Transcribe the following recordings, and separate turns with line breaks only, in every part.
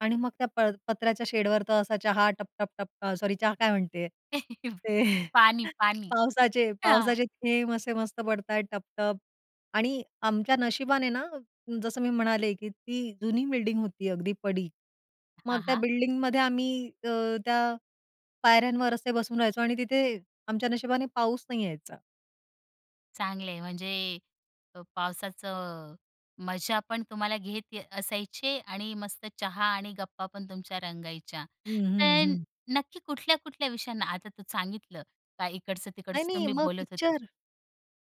आणि मग त्या प पत्र्याच्या शेडवर तर असा चहा टप-टप-टप सॉरी चहा काय म्हणते. ते
पाणी पाणी.
पावसाचे
हां.
पावसाचे थेंब असे मस्त पडतायेत टप-टप आणि आमच्या नशिबाने ना, जसं मी म्हणाले की ती जुनी बिल्डिंग होती अगदी पडीक. मग
हां,
त्या
हां.
बिल्डिंगमध्ये आम्ही अ, त्या पायऱ्यांवर असे बसून राहायचो आणि तिथे आमच्या नशिबाने पाऊस नाही यायचा.
चांगलं आहे. म्हणजे अ, पावसाचं मजा पण तुम्हाला घेत असायचे आणि मस्त चहा आणि गप्पा पण तुमच्या रंगायच्या.
हं, हं.
पण
हं.
नक्की कुठल्या-कुठल्या विषयांना आता तू सांगितलं, का
नाही
इकडचं-तिकडचं
नाही
तुम्ही
मग
बोलत होते.
पिक्चर.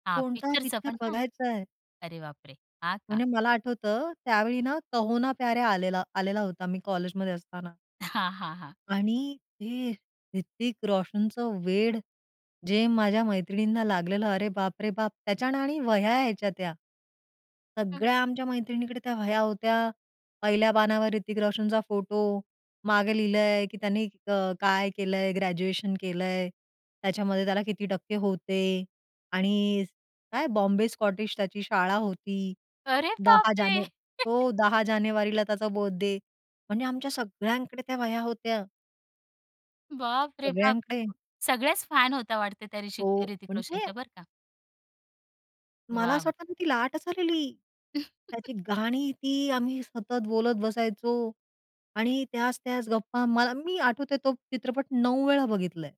हां,
कोणता
पिक्चरचं पण
पिक्चर
का?
बघायच आहे?
अरे बापरे! हां का?
म्हणजे मला आठवतं त्यावेळी ना कहो ना प्यार है. आलेला आलेला होता मी कॉलेजमध्ये असताना.
हां, हां. हां.
आणि हे ऋतिक रोशनचं वेड. जे माझ्या मैत्रिणींना लागलेलं अरे बापरे बाप! त्याच्या ना आणि वह्या यायच्या त्या.
[unintelligible]
सगळ्या आमच्या मैत्रिणीकडे त्या वह्या होत्या. पहिल्या पानावर ऋतिक रोशनचा फोटो. मागे लिहिलंय की त्यांनी अ, काय केलंय ग्रॅज्युएशन केलंय. त्याच्यामध्ये त्याला किती टक्के होते आणि काय बॉम्बे स्कॉटिश त्याची शाळा होती.
अरे
10
बापरे!
जाने हो. 10 जानेवारीला त्याचा बर्थडे. म्हणजे आमच्या सगळ्यांकडे त्या वह्या होत्या.
बापरे बाप!
सगळ्यांकडे.
सगळ्याच फॅन होता वाटते त्या ऋषि
हो.
ऋतिक
म्हणजे.
रोशनच्या बरं का.
मला असं
वॉव!
वाटत ना, ती लाटच आलेली. त्याची गाणी ती आम्ही सतत बोलत बसायचो आणि त्याच त्याच गप्पा मला मी आठवतेय तो चित्रपट 9 वेळा बघितलंय.